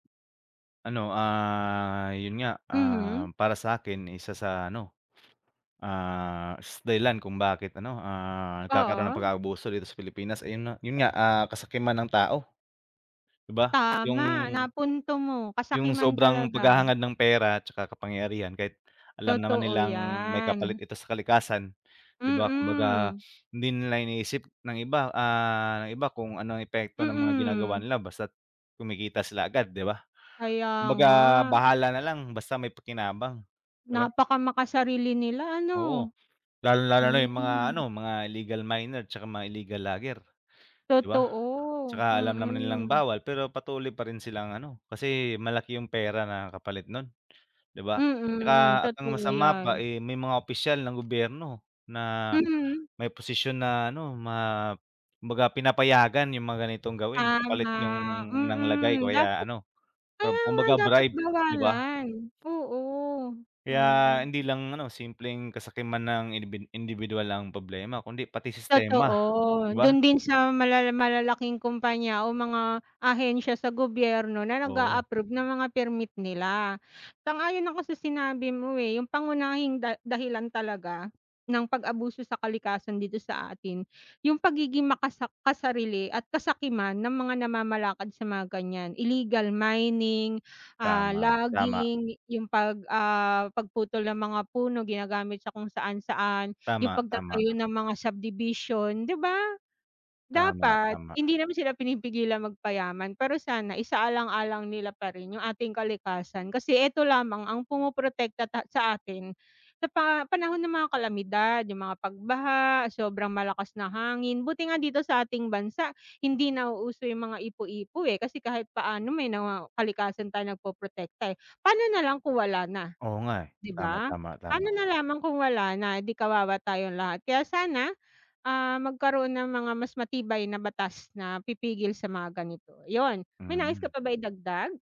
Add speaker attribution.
Speaker 1: Ano, ah, 'yun nga,
Speaker 2: Mhm.
Speaker 1: ah, para sa'kin isa sa ano, ah s dahilan kung bakit ano, ah nagkakaroon ng
Speaker 2: Oo.
Speaker 1: pag-aabuso dito sa Pilipinas, ayun na 'yun nga, ah, kasakiman ng tao. 'Di ba,
Speaker 2: Tama,
Speaker 1: 'yung
Speaker 2: napunto mo,
Speaker 1: Yung
Speaker 2: kasakiman
Speaker 1: sobrang
Speaker 2: talaga.
Speaker 1: paghahangad ng pera tsaka kapangyarihan kahit alam naman
Speaker 2: Totoo,
Speaker 1: nilang may kapalit
Speaker 2: 'yan.
Speaker 1: ito sa kalikasan, 'di ba? Kumbaga
Speaker 2: Mm.
Speaker 1: hindi nila iniisip ng iba, ah, iba kung ano epekto ng mga ginagawa
Speaker 2: Mm.
Speaker 1: nila. Basta kumikita sila agad, 'di ba?
Speaker 2: Kaya
Speaker 1: Kumbaga
Speaker 2: nga.
Speaker 1: bahala na lang basta may pakinabang, 'di ba?
Speaker 2: Napakamakasarili nila ano.
Speaker 1: Oo, lalong-lalo na
Speaker 2: Hmm.
Speaker 1: 'yung mga ano, mga illegal miner, tsaka mga illegal logger, 'di ba?
Speaker 2: Totoo,
Speaker 1: Tsaka alam naman nilang
Speaker 2: mm.
Speaker 1: bawal, pero patuloy pa rin silang ano, kasi malaki 'yung pera na kapalit nun, 'di ba?
Speaker 2: Mm,
Speaker 1: Tsaka at ang
Speaker 2: totoo
Speaker 1: masama pa,
Speaker 2: 'yan.
Speaker 1: eh, may mga opisyal ng gobyerno na
Speaker 2: Mhm.
Speaker 1: may posisyon na ano ma kumbaga pinapayagan 'yung mga ganitong gawin
Speaker 2: Tama,
Speaker 1: kapalit 'yung nang lagay
Speaker 2: mm.
Speaker 1: kaya
Speaker 2: Dapat
Speaker 1: ano,
Speaker 2: kaya nga
Speaker 1: kumbaga
Speaker 2: dapat
Speaker 1: bribe, 'di ba?
Speaker 2: bawalan oo,
Speaker 1: Kaya
Speaker 2: mm.
Speaker 1: hindi lang ano, simpleng kasakiman ng indibid indibiduwal ang problema, kundi pati
Speaker 2: Totoo.
Speaker 1: sistema, 'di ba?
Speaker 2: Do'n din sa malala malalaking kompanya o mga ahensya sa gobyerno, na
Speaker 1: Oo.
Speaker 2: nag-a-approve ng mga permit nila. Sang-ayon ako sa sinabi mo, eh, 'yung pangunahing da dahilan talaga ng pag-abuso sa kalikasan dito sa atin, 'yung pagiging makasak kasarili at kasakiman ng mga namamalakad sa mga ganiyan, illegal mining, ah,
Speaker 1: Tama, tama.
Speaker 2: logging 'yung 'pag, ah, pagputol ng mga puno, ginagamit sa kung saan, saan. 'Yung
Speaker 1: Tama, tama.
Speaker 2: pagtatayo ng mga subdivision, 'di ba?
Speaker 1: Tama,
Speaker 2: Dapat
Speaker 1: tama.
Speaker 2: hindi naman sila pinipigilang magpayaman pero sana isaalang-alang nila pa rin 'yung ating kalikasan kasi ito lamang ang pumoprotekta ta sa atin sa pa panahon ng mga kalamidad, 'yung mga pagbaha, sobrang malakas na hangin, buti nga dito sa ating bansa, hindi nauuso yung mga ipu-ipo, eh, kasi kahit paano may nawaw kalikasan tayong nagpoprotekta, eh. Paano nalang kung wala na,
Speaker 1: Oo nga, eh,
Speaker 2: 'di
Speaker 1: tama,
Speaker 2: ba?
Speaker 1: tama,
Speaker 2: Pano
Speaker 1: tama.
Speaker 2: na lamang kung wala na, eh, 'di kawawa tayong lahat. Kaya sana, ah, magkaroon ng mga mas matibay na batas na pipigil sa mga ganito. 'Yun, may nais ka
Speaker 1: Mm.
Speaker 2: pa ba idagdag?